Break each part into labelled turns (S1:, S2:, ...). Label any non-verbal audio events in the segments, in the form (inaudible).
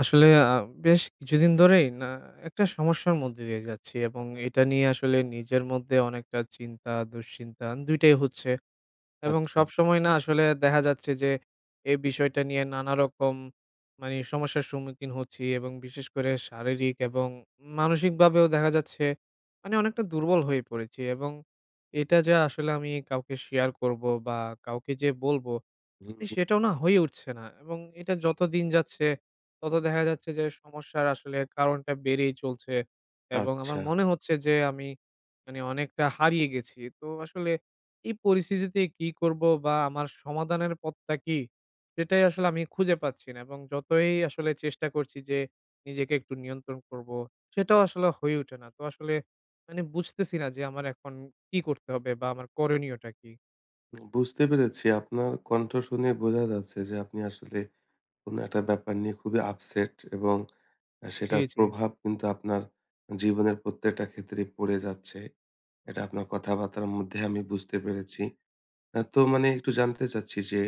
S1: আসলে আ বেশ কিছুদিন ধরেই না একটা সমস্যার মধ্যে দিয়ে যাচ্ছি এবং এইটা নিয়ে আসলে নিজের মধ্যে অনেকটা চিন্তা, দুশ্চিন্তা ২ টাই হচ্ছে। এবং
S2: আচ্ছা।
S1: সবসময় না আসলে দেখা যাচ্ছে যে, এ বিষয়টা নিয়ে নানা রকম মানে সমস্যার সম্মুখীন হচ্ছি। এবং বিশেষ করে শারীরিক এবং মানসিকভাবেও দেখা যাচ্ছে, মানে অনেকটা দুর্বল হয়ে পড়েছি। এবং এটা যে আসলে আমি কাউকে share করবো বা কাউকে যেয়ে বলবো,
S2: হু, হু।
S1: সেটাও না হয়ে উঠছে না। এবং এটা যত দিন যাচ্ছে, তত দেখা যাচ্ছে যে সমস্যার আসলে কারণটা বেড়েই চলছে এবং আমার
S2: আচ্ছা।
S1: মনে হচ্ছে যে আমি মানে অনেকটা হারিয়ে গেছি। তো আসলে এই পরিস্থিতিতে কী করব? বা আমার সমাধানের পথটা কী? সেটাই আসলে আমি খুঁজে পাচ্ছি না। এবং যতই আসলে চেষ্টা করছি যে নিজেকে একটু নিয়ন্ত্রণ করবো, সেটাও আসলে হয়ে ওঠে না। তো আসলে মানে বুঝতেছি না যে আমার এখন কী করতে হবে? বা আমার করণীয়টা কী?
S2: উম বুঝতে পেরেছি, আপনার কণ্ঠ শুনেই বোঝা যাচ্ছে যে আপনি আসলে কোনো ১ টা ব্যাপার নিয়ে খুবই upset এবং
S1: জি,
S2: সেটার
S1: জি।
S2: প্রভাব কিন্তু আপনার জীবনের প্রত্যেকটা ক্ষেত্রেই পড়ে যাচ্ছে। এটা আপনার কথাবার্তা-র মধ্যে আমি বুঝতে পেরেছি। আ তো মানে একটু জানতে চাচ্ছি যে,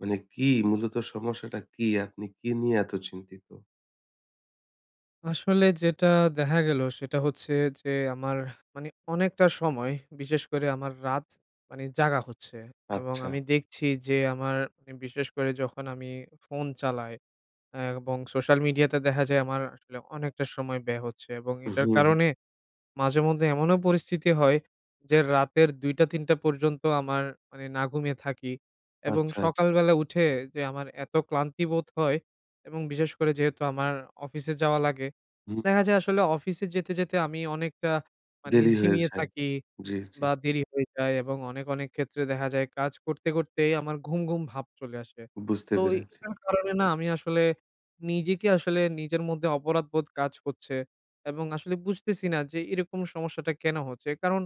S2: মানে কী মূলত সমস্যাটা কী? আপনি কী নিয়ে এত চিন্তিত?
S1: আসলে যেটা দেখা গেলো সেটা হচ্ছে যে আমার, মানে অনেকটা সময়, বিশেষ করে আমার রাত, মানে জাগা হচ্ছে এবং আমি
S2: আচ্ছা।
S1: দেখছি যে আমার এম বিশেষ করে যখন আমি ফোন চালাই, আ এবং social media তে দেখা যায় আমার আসলে অনেকটা সময় ব্যয় হচ্ছে এবং এটার
S2: উম-হুম।
S1: কারণে, মাঝে মধ্যে এমনও পরিস্থিতি হয় যে রাতের ২ টা ৩ টা পর্যন্ত আমার মানে না ঘুমিয়ে থাকি। এবং
S2: আচ্ছা, আচ্ছা।
S1: সকালবেলা উঠে যে আমার এত ক্লান্তি বোধ হয়, এবং বিশেষ করে যেহেতু আমার অফিসে যাওয়া লাগে, দেখা যায় আসলে অফিসে যেতে, যেতে আমি অনেকটা, মানে
S2: দেরি হয়ে
S1: ঝিমিয়ে
S2: যায়,
S1: থাকি,
S2: জ্বি, জ্বি।
S1: বা দেরি হয়ে যায় এবং অনেক, অনেক ক্ষেত্রে দেখা যায় কাজ করতে, করতেই আমার ঘুম ঘুম ভাব চলে আসে।
S2: বুঝতে
S1: তো এই
S2: পেরেছি।
S1: এইটার কারণে না আমি আসলে, নিজেকে আসলে নিজের মধ্যে অপরাধবোধ কাজ করছে, এবং আসলে বুঝতেছি না যে এরকম সমস্যাটা কেন হচ্ছে? কারণ,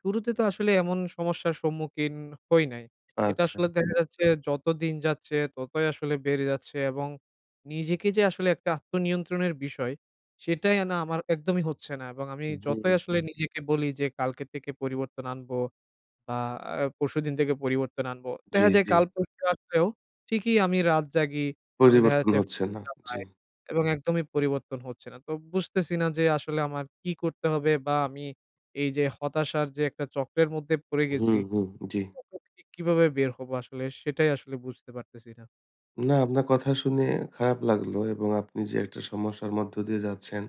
S1: শুরুতে তো আসলে এমন সমস্যার সম্মুখীন হই নাই। এটা
S2: আচ্ছা,
S1: আসলে
S2: আচ্ছা।
S1: দেখা যাচ্ছে যত দিন যাচ্ছে ততই আসলে বেড়ে যাচ্ছে এবং, নিজেকে যে আসলে ১টা আত্মনিয়ন্ত্রণের বিষয়, সেটাই এ না আমার একদমই হচ্ছে না এবং আমি যতই
S2: হুম।
S1: আসলে নিজেকে বলি যে, "কালকে থেকে পরিবর্তন আনব, বা আ পরশুদিন থেকে পরিবর্তন আনব"
S2: জ্বি,
S1: দেখা যায়
S2: জ্বি।
S1: কাল পরশু আসলেও, ঠিকই আমি রাত জাগি, আমি দেখা
S2: পরিবর্তন
S1: যাচ্ছে ফো
S2: হচ্ছে না, জ্বি।
S1: চালাই, এবং একদমই পরিবর্তন হচ্ছে না তো বুঝতেছি না যে আসলে আমার কী করতে হবে? বা আমি, এই যে হতাশার যে একটা চক্রের মধ্যে পড়ে
S2: হুম,
S1: গেছি,
S2: হুম। জ্বি।
S1: এটা থেকে কিভাবে বের হব? আসলে সেটাই আসলে বুঝতে পারতেছি না।
S2: না, আপনার কথা শুনে খারাপ লাগলো এবং আপনি যে একটা সমস্যার মধ্য দিয়ে যাচ্ছেন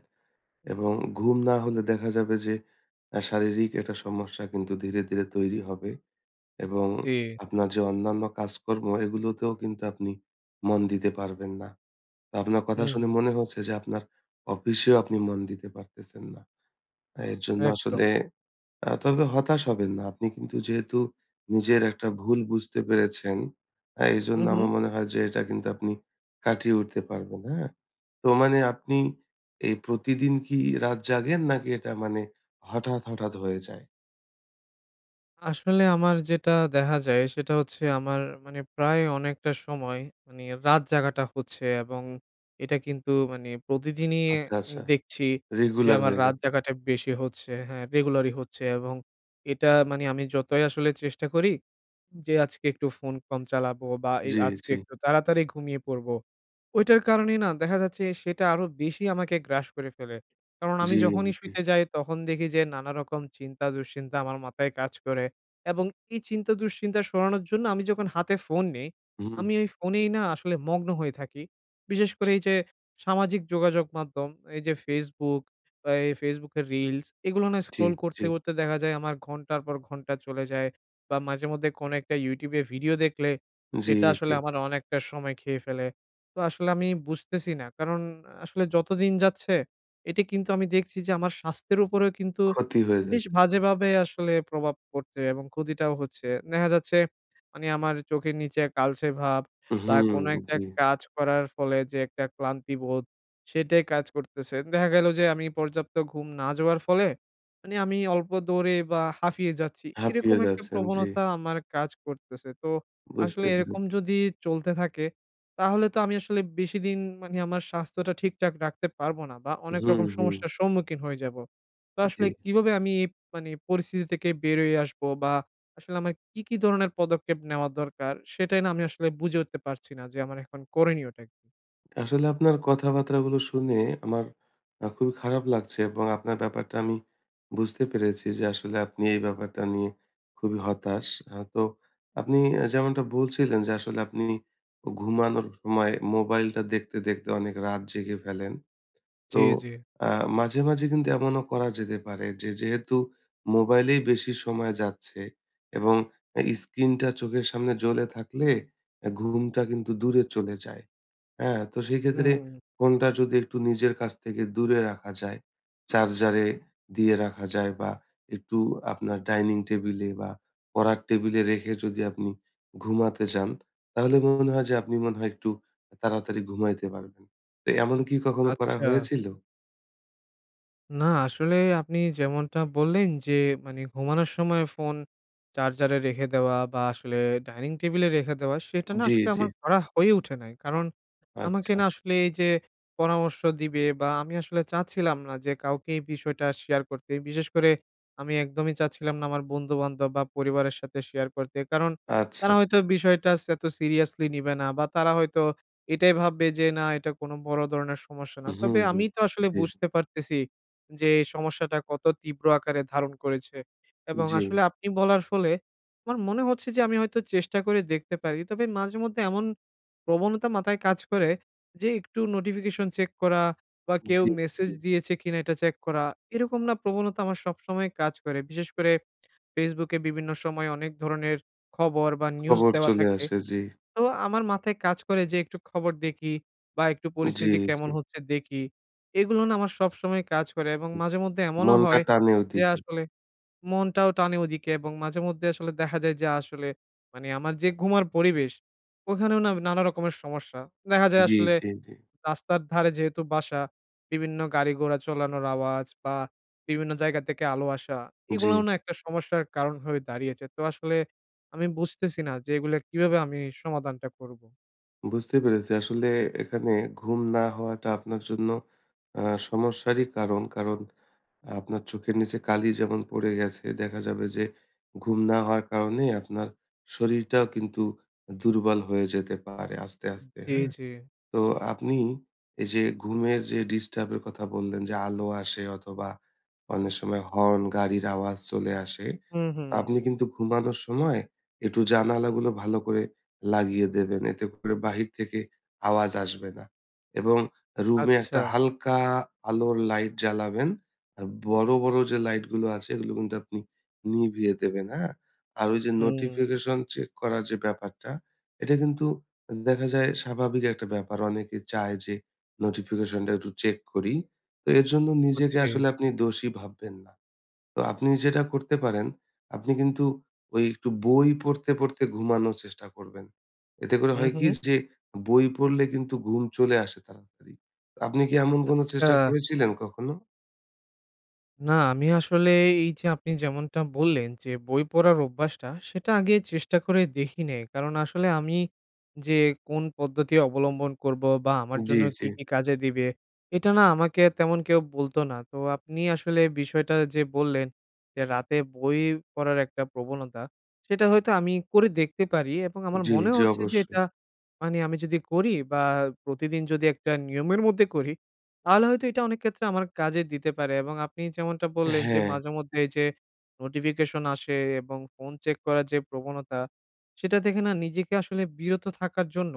S2: এবং ঘুম না হলে দেখা যাবে যে, আ শারীরিক একটা সমস্যা কিন্তু ধীরে, ধীরে তৈরি হবে এবং (smacks lips)
S1: জি।
S2: আপনার যে অন্যান্য কাজ-কর্ম এগুলোতেও কিন্তু আপনি মন দিতে পারবেন না। তা আপনার কথা
S1: হুম,
S2: শুনে
S1: হু।
S2: মনে হচ্ছে যে আপনার অফিসেও আপনি মন দিতে পারতেছেন না। আ এর জন্য
S1: একদম।
S2: আসলে আ তবে হতাশ হবেন না। আপনি কিন্তু যেহেতু নিজের একটা ভুল বুঝতে পেরেছেন আ এইজন্য
S1: হুম,
S2: আমার
S1: হুম?
S2: মনে হয় যে এটা কিন্তু আপনি কাটিয়ে উঠতে পারবেন, হ্যাঁ? তো মানে আপনি এই প্রতিদিন কি রাত জাগেন নাকি এটা মানে হঠাৎ, হঠাৎ হয়ে যায়?
S1: আসলে আমার যেটা দেখা দেখা যায়, সেটা হচ্ছে আমার মানে প্রায় অনেকটা সময় মানে রাত জাগাটা হচ্ছে এবং এটা কিন্তু মানে প্রতিদিনই অ্যা
S2: আচ্ছা, আচ্ছা।
S1: দেখছি যে
S2: regular
S1: আমার
S2: হয়ে
S1: রাত
S2: গেছে।
S1: জাগাটা বেশি হচ্ছে, হ্যাঁ regular ই হচ্ছে এবং এটা মানে আমি যতই আসলে চেষ্টা করি যে, আজকে একটু ফোন কম চালাবো বা এ
S2: জ্বি,
S1: আজকে
S2: জ্বি।
S1: একটু তাড়াতাড়ি ঘুমিয়ে পড়বো। ওইটার কারণেই না দেখা যাচ্ছে সেটা আরো বেশি আমাকে গ্রাস করে ফেলে। কারণ আমি
S2: জ্বি,
S1: যখনই
S2: জ্বি।
S1: শুইতে যাই তখন দেখি যে নানারকম চিন্তা-দুশ্চিন্তা আমার মাথায় কাজ করে। এবং এই চিন্তা দুশ্চিন্তা সরানোর জন্য আমি যখন হাতে ফোন নিই
S2: উম-হুম।
S1: ,আমি ওই ফোনেই না আসলে মগ্ন হয়ে থাকি। বিশেষ করে
S2: (unintelligible)
S1: এই যে সামাজিক যোগাযোগ মাধ্যম এই যে Facebook বা এই Facebook এর reels এগুলো না
S2: জ্বি,
S1: scroll
S2: জ্বি।
S1: করতে, করতে দেখা যায় আমার ঘন্টার পর ঘন্টা চলে যায়। বা মাঝেমধ্যে কোনো একটা YouTube এ video দেখলে
S2: জ্বি,
S1: সেটা
S2: জ্বি।
S1: আসলে আমার অনেকটা সময় খেয়ে ফেলে। তো আসলে আমি বুঝতেছি না কারণ আসলে যতদিন যাচ্ছে, এটি কিন্তু আমি দেখছি যে আমার স্বাস্থ্যের উপরেও কিন্তু
S2: ক্ষতি হয়ে
S1: বেশ
S2: যাচ্ছে। (unintelligible)
S1: বাজেভাবে আসলে প্রভাব পড়ছে এবং ক্ষতিটাও হচ্ছে। দেখা যাচ্ছে মানে আমার চোখের নিচে কালচে ভাব বা
S2: উহুম,
S1: কোনো একটা
S2: জ্বি।
S1: কাজ করার ফলে যে একটা ক্লান্তিবোধ, সেটাই কাজ করতেছে। দেখা গেলো যে আমি পর্যাপ্ত ঘুম না যাওয়ার ফলে, মানে আমি অল্প দৌড়েই বা হাঁফিয়ে যাচ্ছি।
S2: হাঁপিয়ে
S1: এরকম একটা
S2: যাচ্ছেন, জ্বি।
S1: প্রবণতা আমার কাজ করতেছে। তো
S2: বুঝতে
S1: আসলে এরকম
S2: পেরেছি।
S1: যদি চলতে থাকে তাহলে তো আমি আসলে বেশিদিন মানে আমার স্বাস্থ্যটা ঠিকঠাক রাখতে পারব না। বা অনেক
S2: হুম,
S1: রকম
S2: হুম।
S1: সমস্যার সম্মুখীন হয়ে যাবো। তো আসলে
S2: উম-জ্বি।
S1: কিভাবে আমি এ মানে পরিস্থিতি থেকে বেরোয় আসবো বা আসলে আমার কি, কি ধরনের পদক্ষেপ নেওয়া দরকার? সেটাই না আমি আসলে বুঝে উঠতে পারছি না যে আমার এখন করনীয় টা কি?
S2: আসলে আপনার কথাবার্তা গুলো শুনে আমার খুবই খারাপ লাগছে। এবং আপনার ব্যাপারটা আমি বুঝতে পেরেছি যে আসলে আপনি এই ব্যাপারটা নিয়ে খুবই হতাশ। আ তো আপনি অ্যা যেমনটা বলছিলেন যে আসলে আপনি ও ঘুমানোর সময় মোবাইলটা দেখতে, দেখতে অনেক রাত জেগে ফেলেন। তো
S1: জি, জি।
S2: আ মাঝে, মাঝে কিন্তু এমনও করা যেতে পারে যে যেহেতু মোবাইলেই বেশি সময় যাচ্ছে, এবং এ স্ক্রিনটা চোখের সামনে জ্বলে থাকলে অ্যা ঘুমটা কিন্তু দূরে চলে যায়, হ্যাঁ? তো সেইক্ষেত্রে
S1: হুম।
S2: ফোনটা যদি একটু নিজের কাছ থেকে দূরে রাখা যায়, চার্জারে দিয়ে রাখা যায় বা একটু আপনার ডাইনিং টেবিলে বা পড়ার টেবিলে রেখে যদি আপনি ঘুমাতে যান, তাহলে মনে হয় যে আপনি মনে হয় একটু তাড়াতাড়ি ঘুমাইতে পারবেন। তো এমন কি কখনো করা
S1: আচ্ছা।
S2: হয়েছিল?
S1: না আসলেই আপনি যেমনটা বললেন যে মানে ঘুমানোর সময় ফোন চার্জারে রেখে দেওয়া বা আসলে ডাইনিং টেবিলে রেখে দেওয়া, সেটা না
S2: জি,
S1: আসলে
S2: জি।
S1: আমার করা হয়ে উঠে নাই। কারণ আমাকে
S2: আচ্ছা।
S1: না আসলে এই যে পরামর্শ দিবে বা আমি আসলে চাচ্ছিলাম না যে কাউকে এই বিষয়টা শেয়ার করতে। বিশেষ করে আমি একদমই চাচ্ছিলাম না আমার বন্ধু-বান্ধব বা পরিবারের সাথে শেয়ার করতে। কারণ
S2: আচ্ছা,
S1: তারা হয়তো
S2: আচ্ছা।
S1: বিষয়টা স এত সিরিয়াসলি নিবে না। বা তারা হয়তো এটাই ভাববে যে না এটা কোনো বড় ধরনের সমস্যা না।
S2: হু,
S1: তবে
S2: হু।
S1: আমিই তো আসলে
S2: জি।
S1: বুঝতে পারতেছি যে সমস্যাটা কত তীব্র আকারে ধারণ করেছে। এবং
S2: জি।
S1: আসলে আপনি বলার ফলে, আমার মনে হচ্ছে যে আমি হয়তো চেষ্টা করে দেখতে পারি। তবে মাঝে মধ্যে এমন প্রবণতা মাথায় কাজ করে যে একটু notification চেক করা বা কেউ
S2: জি,
S1: মেসেজ
S2: জি।
S1: দিয়েছে কিনা এটা চেক করা, এরকম না প্রবণতা আমার সবসময় কাজ করে। বিশেষ করে ফেসবুকে বিভিন্ন সময় অনেক ধরনের খবর বা নিউজ
S2: খবর
S1: দেওয়া
S2: চলে
S1: থাকে,
S2: আসে। জি।
S1: তো আমার মাথায় কাজ করে যে একটু খবর দেখি বা একটু
S2: জি,
S1: পরিস্থিতি
S2: জি।
S1: কেমন হচ্ছে দেখি। এগুলো না আমার সবসময় কাজ করে এবং
S2: উ
S1: মাঝে মধ্যে এমনও
S2: মনটা
S1: হয়
S2: টানে
S1: যে
S2: ওইদিকে।
S1: আসলে মনটাও টানে ওদিকে এবং মাঝে মধ্যে আসলে দেখা যায় যে আসলে মানে আমার যে ঘুমের পরিবেশ, ওইখানেও না নানা রকমের সমস্যা। দেখা যায়
S2: জি,
S1: আসলে,
S2: জি, জি।
S1: রাস্তার ধারে যেহেতু বাসা, বিভিন্ন গাড়ি-ঘোড়া চালানোর আওয়াজ বা বিভিন্ন জায়গা থেকে আলো আসা। এগুলাও
S2: জি।
S1: না একটা সমস্যার কারণ হয়ে দাঁড়িয়েছে। তো আসলে আমি বুঝতেছি না যে এগুলো কীভাবে আমি সমাধানটা করব।
S2: বুঝতে পেরেছি আসলে এখানে ঘুম না হওয়াটা আপনার জন্য আ সমস্যারই কারণ। কারণ আপনার চোখের নিচে কালি যেমন পড়ে গেছে দেখা যাবে যে, ঘুম না হওয়ার কারণেই আপনার শরীরটাও কিন্তু দুর্বল হয়ে যেতে পারে আস্তে,
S1: উম
S2: আস্তে,
S1: জি,
S2: হ্যাঁ?
S1: জি।
S2: তো আপনি এইযে ঘুমের যে ডিস্টার্বের কথা বললেন যে আলো আসে অথবা অনেক সময় হর্ন, গাড়ির আওয়াজ চলে আসে।
S1: হুম, হুম।
S2: আপনি কিন্তু ঘুমানোর সময় একটু জানালাগুলো ভালো করে লাগিয়ে দেবেন। এতে করে বাহির থেকে আওয়াজ আসবে না। এবং রুমে
S1: আচ্ছা।
S2: একটা হালকা আলোর লাইট জ্বালাবেন আর বড়, বড় যে লাইটগুলো আছে এগুলো কিন্তু আপনি নিভিয়ে দেবেন, হ্যাঁ? আর ওই যে
S1: হুম।
S2: notification চেক করার যে ব্যাপারটা, এটা কিন্তু উম দেখা যায় স্বাভাবিক একটা ব্যাপার। অনেকে চায় যে notification টা একটু চেক করি। তো এর জন্য নিজেকে
S1: বুঝছি।
S2: আসলে আপনি দোষী ভাববেন না। তো আপনি যেটা করতে পারেন, আপনি কিন্তু ওই একটু বই পড়তে, পড়তে ঘুমানোর চেষ্টা করবেন। এতে করে হয় কি
S1: উম-হু?
S2: যে বই পড়লে কিন্তু ঘুম চলে আসে তাড়াতাড়ি। আপনি কি এমন কোনো
S1: আচ্ছা।
S2: চেষ্টা করেছিলেন কখনো?
S1: না, আমি আসলে এই যে আপনি যেমনটা বললেন, যে বই পড়ার অভ্যাসটা, সেটা আগে চেষ্টা করে দেখি নেই। কারণ আসলে আমি যে কোন পদ্ধতি অবলম্বন করব? বা আমার
S2: উম-জ্বি,
S1: জন্য
S2: জ্বি।
S1: কী, কী কাজে দিবে? এটা না আমাকে তেমন কেউ বলতো না। তো আপনি আসলে এ বিষয়টা যে বললেন, এ রাতে বই পড়ার একটা প্রবণতা। সেটা হয়তো আমি করে দেখতে পারি এবং আমার
S2: উম-জ্বি,
S1: মনে
S2: জ্বি।
S1: হচ্ছে যে
S2: অবশ্যই।
S1: এটা মানে আমি যদি করি বা প্রতিদিন যদি একটা নিয়মের মধ্যে করি, তাহলে হয়তো এটা অনেক ক্ষেত্রে আমার কাজে দিতে পারে। এবং আপনি যেমনটা বললেন যে,
S2: হ্যাঁ।
S1: মাঝেমধ্যে এই যে notification আসে এবং ফোন check করার যে প্রবণতা, সেটা থেকে না নিজেকে আসলে বিরত থাকার জন্য,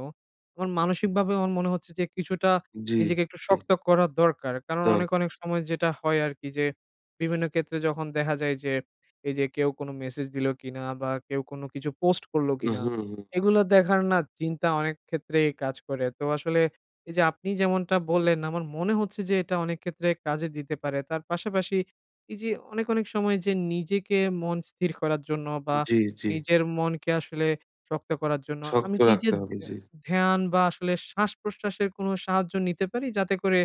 S1: আমার মানসিকভাবে আমার মনে হচ্ছে যে কিছুটা
S2: জ্বি,
S1: নিজেকে একটু
S2: জ্বি।
S1: শক্ত করা দরকার। কারণ অনেক, অনেক
S2: দরকার।
S1: সময় যেটা হয় আরকি যে বিভিন্ন ক্ষেত্রে যখন দেখা যায় যে, এই যে কেউ কোনো message দিলো কিনা? বা কেউ কোনো কিছু post করলো কিনা?
S2: উম-হুম, হুম।
S1: এগুলো দেখার না চিন্তা অনেক ক্ষেত্রেই কাজ করে। তো আসলে, এই যে আপনি যেমনটা বললেন আমার মনে হচ্ছে যে এটা অনেক ক্ষেত্রে কাজে দিতে পারে। তার পাশাপাশি এই যে অনেক, অনেক সময় যে নিজেকে মন স্থির করার জন্য বা
S2: উম-জ্বি, জ্বি।
S1: নিজের মনকে আসলে শক্ত করার জন্য
S2: শক্ত
S1: আমি কি এই যে
S2: রাখতে
S1: ধ্য
S2: হবে জী।
S1: ধ্যান বা আসলে শ্বাস-প্রশ্বাসের কোনো সাহায্য নিতে পারি? যাতে করে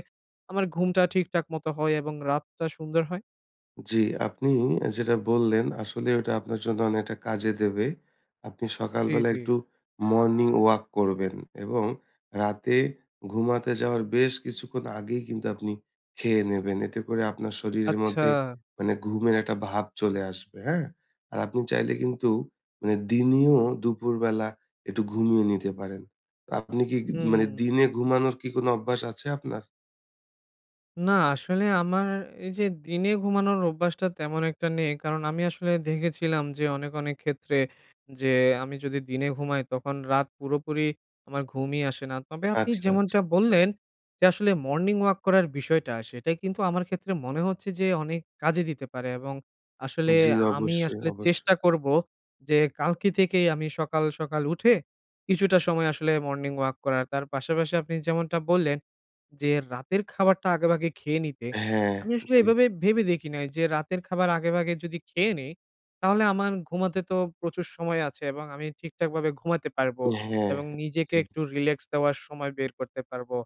S1: আমার ঘুমটা ঠিকঠাক মতো হয় এবং রাতটা সুন্দর হয়?
S2: জি। আপনি আ যেটা বললেন আসলে ওইটা আপনার জন্য অনেকটা কাজে দেবে। আপনি
S1: জি,
S2: সকালবেলা
S1: জি।
S2: একটু morning walk করবেন এবং রাতে ঘুমাতে যাওয়ার বেশ কিছুক্ষণ আগেই কিন্তু আপনি খেয়ে নেবেন। এতে করে আপনার শরীরের মধ্যে
S1: আচ্ছা।
S2: মানে ঘুমের একটা ভাব চলে আসবে, হ্যাঁ? আর আপনি চাইলে কিন্তু মানে দিনেও দুপুরবেলা একটু ঘুমিয়ে নিতে পারেন। আপনি কি গ
S1: হুম, হুম,
S2: মানে
S1: হুম।
S2: দিনে ঘুমানোর কি কোনো অভ্যাস আছে আপনার?
S1: না আসলে আমার এই যে দিনে ঘুমানোর অভ্যাসটা তেমন একটা নেই কারণ আমি আসলে দেখেছিলাম যে অনেক, অনেক ক্ষেত্রে যে আমি যদি দিনে ঘুমাই তখন রাত পুরোপুরি আমার ঘুমই আসে না। তবে আপনি
S2: আচ্ছা, আচ্ছা।
S1: যেমনটা বললেন যে আসলে morning walk করার বিষয়টা সেটা কিন্তু আমার ক্ষেত্রে মনে হচ্ছে যে অনেক কাজে দিতে পারে। এবং আসলে
S2: জি।
S1: আ আমি
S2: অবশ্যই,
S1: আসলে
S2: অবশ্যই।
S1: চেষ্টা করব যে কালকে থেকেই আমি সকাল, সকাল উঠে কিছুটা সময় আসলে morning walk করার। তার পাশাপাশি আপনি যেমনটা বললেন যে রাতের খাবারটা আগেভাগে খেয়ে নিতে।
S2: হ্যাঁ।
S1: আমি আসলে
S2: জি।
S1: এইভাবে ভেবে দেখি নাই যে রাতের খাবার আগেভাগে যদি খেয়ে নিই, তাহলে আমার ঘুমাতে তো প্রচুর সময় আছে এবং আমি ঠিকঠাকভাবে ঘুমাইতে পারবো।
S2: হ্যাঁ, হ্যাঁ।
S1: এবং নিজেকে
S2: জি।
S1: একটু relax দেওয়ার সময় বের করতে পারবো।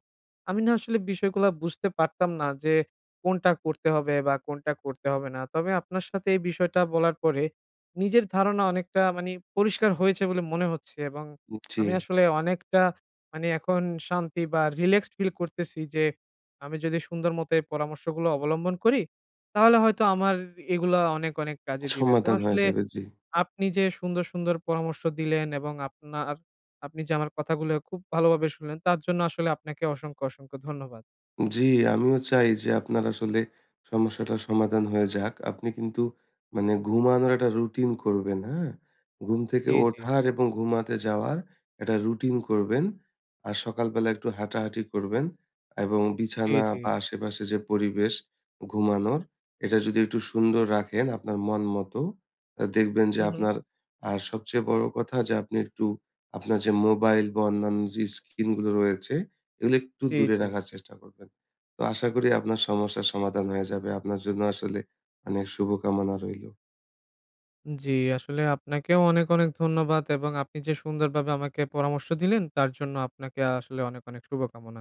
S1: আমি না আসলে বিষয়গুলো বুঝতে পারতাম না যে, কোনটা করতে হবে বা কোনটা করতে হবে না। তবে আপনার সাথে এই বিষয়টা বলার পরে, নিজের ধারণা অনেকটা মানে পরিষ্কার হয়েছে বলে মনে হচ্ছে। এবং
S2: উম জি।
S1: আমি আসলে অনেকটা মানে এখন শান্তি বা relaxed ফিল করতেছি যে, আমি যদি সুন্দর মতো এই পরামর্শগুলো অবলম্বন করি, তাহলে হয়তো আমার এ এগুলো অনেক, অনেক কাজে দিবে তো
S2: সমাধান হয়ে
S1: আসলে।
S2: যাবে। জি।
S1: আপনি যে সুন্দর, সুন্দর পরামর্শ দিলেন এবং আপনার আপনি যে আমার কথাগুলো খুব ভালোভাবে শুনলেন তার জন্য আসলে আপনাকে অসংখ্য, অসংখ্য ধন্যবাদ।
S2: জি আমিও চাই যে আপনার আসলে সমস্যাটার সমাধান হয়ে যাক। আপনি কিন্তু মানে ঘুমানোর একটা রুটিন করবেন, হ্যাঁ? ঘুম থেকে
S1: জি, জি।
S2: ওঠার এবং ঘুমাতে যাওয়ার একটা রুটিন করবেন। আর সকালবেলা একটু হাঁটাহাঁটি করবেন এবং
S1: জি,
S2: বিছানা
S1: জি।
S2: বা আশেপাশে যে পরিবেশ ঘুমানোর, এটা যদি একটু সুন্দর রাখেন আপনার মন মত, আ দেখবেন যে
S1: হু, হু।
S2: আপনার আর সবচেয়ে বড় কথা যে আপনি একটু আপনার যে মোবাইল বা অন্যান্য যে স্ক্রিন গুলো রয়েছে, এগুলো একটু
S1: জি,
S2: দূরে
S1: জি।
S2: রাখার চেষ্টা করবেন। তো আশা করি আপনার সমস্যার সমাধান হয়ে যাবে। আপনার জন্য আসলে অনেক শুভকামনা রইলো।
S1: জি। আসলে আপনাকেও অনেক, অনেক ধন্যবাদ। এবং আপনি যে সুন্দরভাবে আমাকে পরামর্শ দিলেন তার জন্য আপনাকে আসলে অনেক, অনেক শুভকামনা।